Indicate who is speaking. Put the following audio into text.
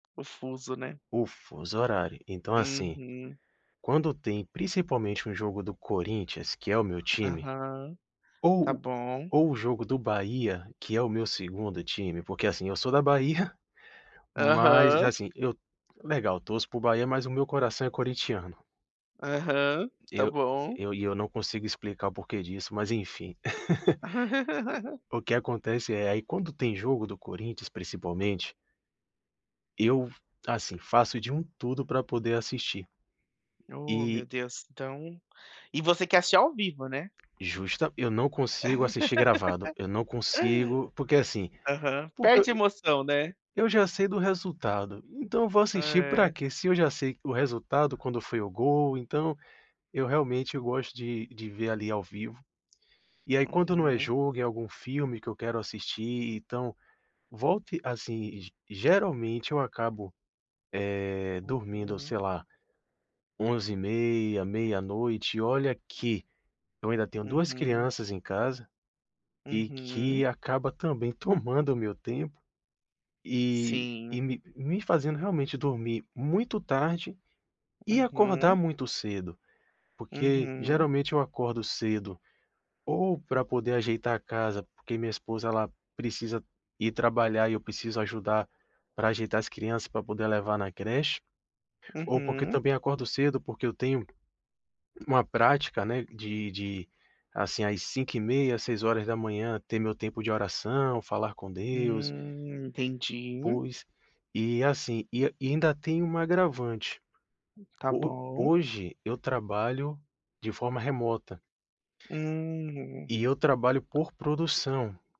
Speaker 1: O fuso, né.
Speaker 2: O fuso horário. Então assim,
Speaker 1: Uhum.
Speaker 2: quando tem principalmente um jogo do Corinthians que é o meu time,
Speaker 1: Aham,
Speaker 2: ou
Speaker 1: tá
Speaker 2: o
Speaker 1: bom.
Speaker 2: ou o jogo do Bahia, que é o meu 2º time, porque assim, eu sou da Bahia, mas,
Speaker 1: Aham.
Speaker 2: assim, eu legal, torço para o Bahia, mas o meu coração é corinthiano.
Speaker 1: Aham, tá
Speaker 2: Eu
Speaker 1: bom.
Speaker 2: eu e eu não consigo explicar o porquê disso mas enfim. O que acontece é: Aí quando tem jogo do Corinthians principalmente eu, assim, faço de um tudo para poder assistir
Speaker 1: Oh meu
Speaker 2: E
Speaker 1: Deus, então e você quer assistir ao vivo, né?
Speaker 2: Justa eu não consigo assistir gravado, eu não consigo, porque assim,
Speaker 1: Aham.
Speaker 2: porque
Speaker 1: Perde a
Speaker 2: eu
Speaker 1: emoção, né.
Speaker 2: eu já sei do resultado, então eu vou assistir para
Speaker 1: É.
Speaker 2: quê? Se eu já sei o resultado quando foi o gol, então, eu realmente gosto de de ver ali ao vivo. E aí quando não é
Speaker 1: Uhum.
Speaker 2: jogo, é algum filme que eu quero assistir, então volte assim, geralmente eu acabo, é, dormindo
Speaker 1: Uhum.
Speaker 2: sei lá, 23:30, meia-noite, e olha que eu ainda tenho 2
Speaker 1: Uhum.
Speaker 2: crianças em casa, e
Speaker 1: Uhum.
Speaker 2: que acaba também tomando o meu tempo, e e
Speaker 1: Sim.
Speaker 2: me me fazendo realmente dormir muito tarde, e acordar
Speaker 1: Uhum.
Speaker 2: muito cedo. Porque
Speaker 1: Uhum.
Speaker 2: geralmente eu acordo cedo, ou para poder ajeitar a casa, porque minha esposa ela precisa ir trabalhar e eu preciso ajudar para ajeitar as crianças, para poder levar na creche, ou porque
Speaker 1: Uhum.
Speaker 2: também acordo cedo, porque eu tenho uma prática, né, de de, assim às 5:30, 6h ter meu tempo de oração, falar com Deus.
Speaker 1: Hum, entendi.
Speaker 2: Pois, e assim, e e ainda tem um agravante.
Speaker 1: Tá
Speaker 2: Ho
Speaker 1: bom.
Speaker 2: hoje eu trabalho de forma remota.
Speaker 1: Hum.
Speaker 2: E eu trabalho por produção.